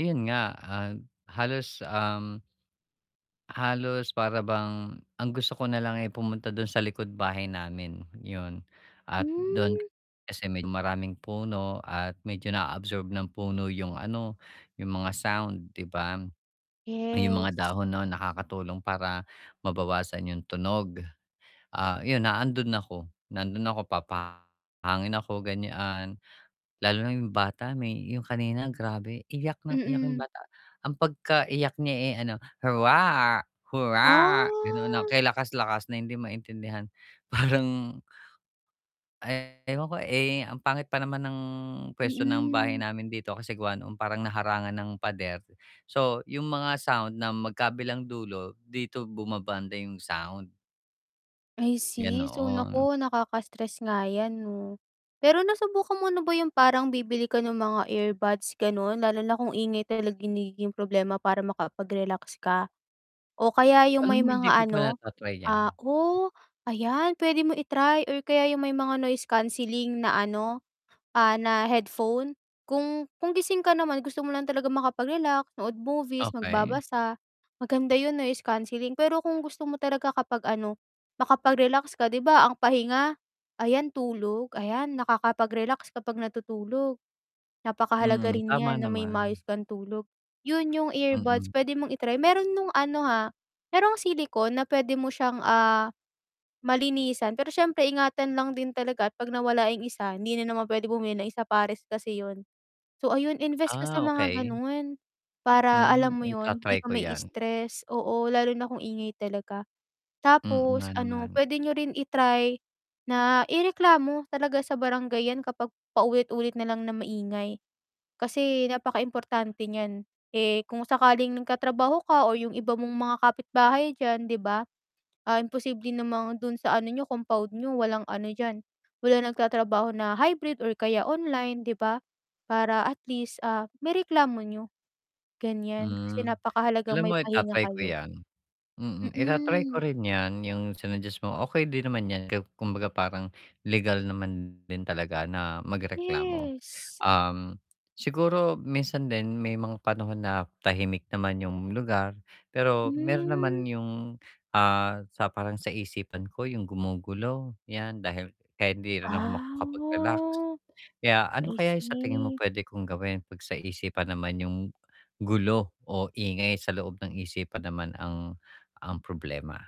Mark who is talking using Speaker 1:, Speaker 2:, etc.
Speaker 1: Ayun nga, ah, halos, um halos para bang ang gusto ko nalang, eh, pumunta dun sa likod-bahay namin, 'yun at dun
Speaker 2: Hmm.
Speaker 1: kasi medyo maraming puno at medyo naa-absorb ng puno yung ano, yung mga sound, di ba? Yung mga
Speaker 2: Yes.
Speaker 1: dahon no'n nakakatulong para mabawasan yung tunog. Ah, yun nandon ako, nandon ako papahangin ako ganyan, lalo na yung bata may yung kanina grabe iyak nang iyak yung
Speaker 2: Mm.
Speaker 1: bata. Ang pagka-iyak niya, eh, ano, "huwaa hurraa," ganon, na
Speaker 2: Ah.
Speaker 1: kay lakas-lakas, na hindi maintindihan parang eh ewan ko, eh, ang pangit pa naman ng pwesto ng bahay
Speaker 2: Mm.
Speaker 1: namin dito kasi gawa nung parang nahangan ng pader. So yung mga sound na magkabilang dulo, dito bumabanda yung sound.
Speaker 2: I see. So
Speaker 1: Ganoon.
Speaker 2: nako, nakaka-stress nga yan no. Pero nasubukan mo na ba yung parang bibili ka nung mga earbuds ganon, lalo na kung ingay talaga nagiging problema para makapag-relax ka? O kaya yung
Speaker 1: Alam
Speaker 2: may
Speaker 1: mo hindi
Speaker 2: mga
Speaker 1: ko pa
Speaker 2: ano
Speaker 1: nata-try yan.
Speaker 2: ah, oh, ayan, pwede mo i-try o kaya yung may mga noise canceling na ano, ah, na headphone. Kung kung gising ka naman, gusto mo lang talaga makapag-relax, nood movies,
Speaker 1: Okey.
Speaker 2: magbabasa, maganda yung noise cancelling pero kung gusto mo talaga kapag ano, makapag-relax ka, 'di ba, ang pahinga, ayan tulog, ayan, nakakapag-relax kapag natutulog. Napakahalaga
Speaker 1: Mm,
Speaker 2: rin
Speaker 1: tama
Speaker 2: niyan na may maayos
Speaker 1: naman.
Speaker 2: kang tulog. 'Yun yung earbuds
Speaker 1: Mm.
Speaker 2: pwede mong i-try, meron nung ano ha, merong silicon na pwede mo siyang, ah, malinisan pero siyempre ingatan lang din talaga at 'pag nawala yung isa, hindi na naman pwede bumili, isa pares kasi yun. So ayun invest ka sa
Speaker 1: Ah,
Speaker 2: mga
Speaker 1: okey.
Speaker 2: ganon, para
Speaker 1: Hmm,
Speaker 2: alam mo yun, di
Speaker 1: ita-try
Speaker 2: ka
Speaker 1: ko yan.
Speaker 2: ma-i-stress, oo, lalo na kung ingay talaga.
Speaker 1: Mm,
Speaker 2: Tapos
Speaker 1: nga
Speaker 2: ano,
Speaker 1: naman.
Speaker 2: pwede niyo rin i-try na ireklamo talaga sa barangay yan kapag paulit-ulit nalang na maingay, kasi napakaimportante niyan. Eh, kung sakaling nagtatrabaho ka o yung iba mong mga kapitbahay diyan, 'di ba, ah, imposible namang dun sa ano niyo compound niyo walang ano diyan, wala nagtatrabaho na hybrid or kaya online 'di ba? Para at least, ah, maireklamo niyo ganyan, kasi
Speaker 1: Hmm.
Speaker 2: napakahalagang
Speaker 1: Alam
Speaker 2: may
Speaker 1: mo
Speaker 2: pahinga
Speaker 1: ita-try ko
Speaker 2: kayo.
Speaker 1: yan. Mm, ita-try ko
Speaker 2: Mm.
Speaker 1: rin yan yung sinuggest mo, okey din naman yan ku kumbaga parang legal naman din talaga na magreklamo.
Speaker 2: Yes.
Speaker 1: Um, siguro minsan din may mga panahon na tahimik naman yung lugar, pero meron naman
Speaker 2: Hmm.
Speaker 1: yung, ah, sa parang sa isipan ko yung gumugulo, yan dahil kahit hindi rin ako makakapag-relax.
Speaker 2: Ah!
Speaker 1: Kaya, ano
Speaker 2: I
Speaker 1: kaya yung sa tingin mo
Speaker 2: see.
Speaker 1: pwede kong gawin, 'pag sa isipan naman yung gulo o ingay sa loob ng isipan naman ang ang problema.